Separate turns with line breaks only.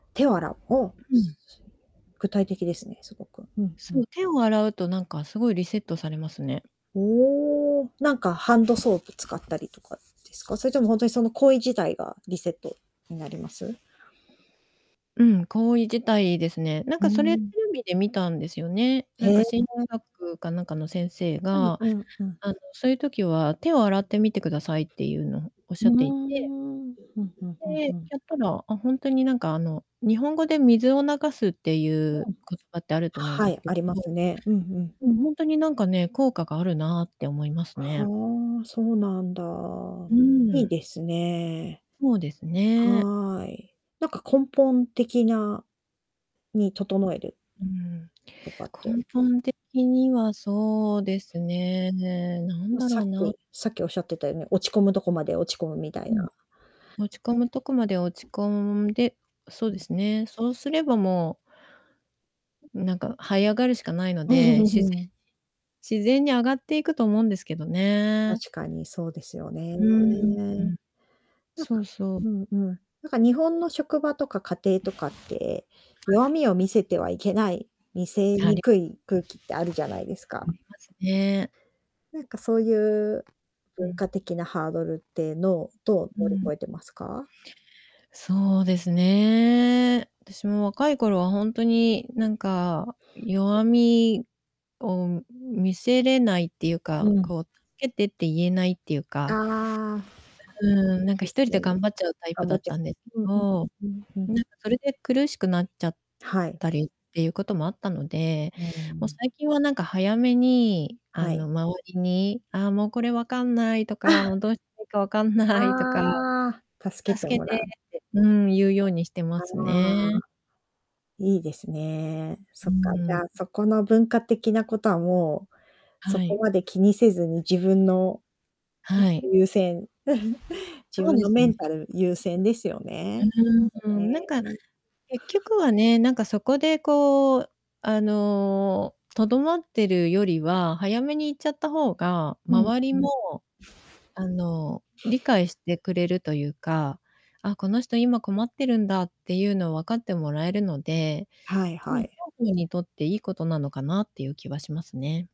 手を洗う、おお。
う
す
ん。
すいえ具体的ですね、凄く。うん、ふ
そ
ん。
う、手を洗うとなんか凄いリセットされますね。
おお。なんかハンドソープ使ったりとか、ですか？それとも、ほんとにその行為自体がリセットになります？
うん、行為自体ですね。なん
う
かそれテ
ん。
レビで見たんですよね。なん
へ
か心理
え。
学かなんかの先生
うん
が、
うんうん。
あの、そういう時は手を洗ってみてくださいっていうの、おっ
う
しゃ
ー
っていて
ん。うんうんうんう
で、
ん。
やったら、あ、ほんとになんか、あの、日本語で水を流すってい
う
う
ん。
言葉ってあると思うん
は
です
い、
け
あります
ど。
ね。うんうん。
うん、ほんとになんかね、効果があるなって思いますね。
はあ、そうなんだ。
う
いい
ん。
ですね。
ほうですね。
はい。なんか根本的なに整える
うん、
とかって。
根本的にはそうですね。なん
う
だ
さ
ろ
っ
うな。
きさっきおっしゃってたように、落ち込むとこまで落ち込むみたい
うん。
な
落ち込むとこまで落ち込んで、そう
う
で
ん。
すね。そうすればもううん、なんか這い上がるしかないので、自然に 自然に上がっていくと思うんですけどね。
確かにそうですよね。
うーん。
なん
そ
か
うそう。
うんうん。なんか日本の職場とか家庭とかって、
は
弱
い。
みを見せてはいけない、見せ
あ
に
り
くい空気ってあるじゃないですか。
ありますね。
なんかそういう、
う
文
ん。
化的なハードルってのを、どう
う
乗り
ん。
越えてますか？
そうですね。私も若い頃はほんとになんか弱みを見せれないっていう
う
か、
ん。
こう、助けてって言えないっていうか。
ああ。
え、うん、なんか
で
一
す
人で
よね。
頑張っちゃうタイプ
頑
だ
張っ
っ
ちぇ
たんで
うんうん、
ど、
うん、ふ
な
ん。
んかそれで苦しくなっちゃっ
はい。
たりっていうこともあったので、
あ、う
もう、
ん。
最近はなんか早めに、あ
は
の、
い。
周りに、ああ、もう、これ分かんないとか、もう、どうしたらいいか分かんないとか。
ああ、助けて
助け
もら
て
う。
ってうん、言うようにして
あ
ます
あ。
ね。
いいですね。
う
そ
ー
っか、
ん、
じ
う
ゃあ、
ん。
そこの文化的なことはもう、そ
は
こ
い。
まで気にせずに自分の
は
[unintelligible]
い。
優先 自
そう
分
で
の
す
メ
ね。
ンタル優先ですよ
う
ね。
ん。うー
[unintelligible]
ん、なんか、
ね。
結局はね、なんかそこでこう、あの、留まってるよりは、早めに言っちゃった方が、
うん、
周り
うん。
も、あの、理解してくれるというか、あ、この人今困ってるんだっていうのを分かってもらえるので、
はい
うん、
は
双
い。
方にとっていいことなのかなっていう気はしますね。